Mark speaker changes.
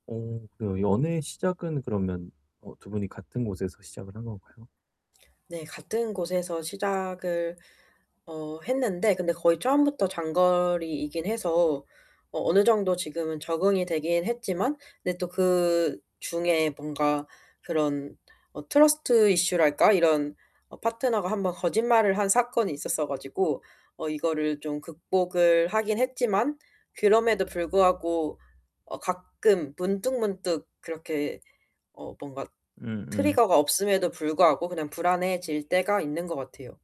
Speaker 1: 어 그래요. 연애의 시작은 그러면 어 2 분이 같은 곳에서 시작을 한 건가요?
Speaker 2: 네. 같은 곳에서 시작을 어 했는데 근데 거의 처음부터 장거리이긴 해서 어 어느 정도 지금은 적응이 되긴 했지만 근데 또 그중에 뭔가 그런 어 트러스트 이슈랄까 이런 어 파트너가 1 번 거짓말을 한 사건이 있었어 가지고 어 이거를 좀 극복을 하긴 했지만 그럼에도 불구하고 어 가끔 문득문득 그렇게 어 뭔가
Speaker 1: 응 응.
Speaker 2: 트리거가 없음에도 불구하고 그냥 불안해질 때가 있는 것 같아요.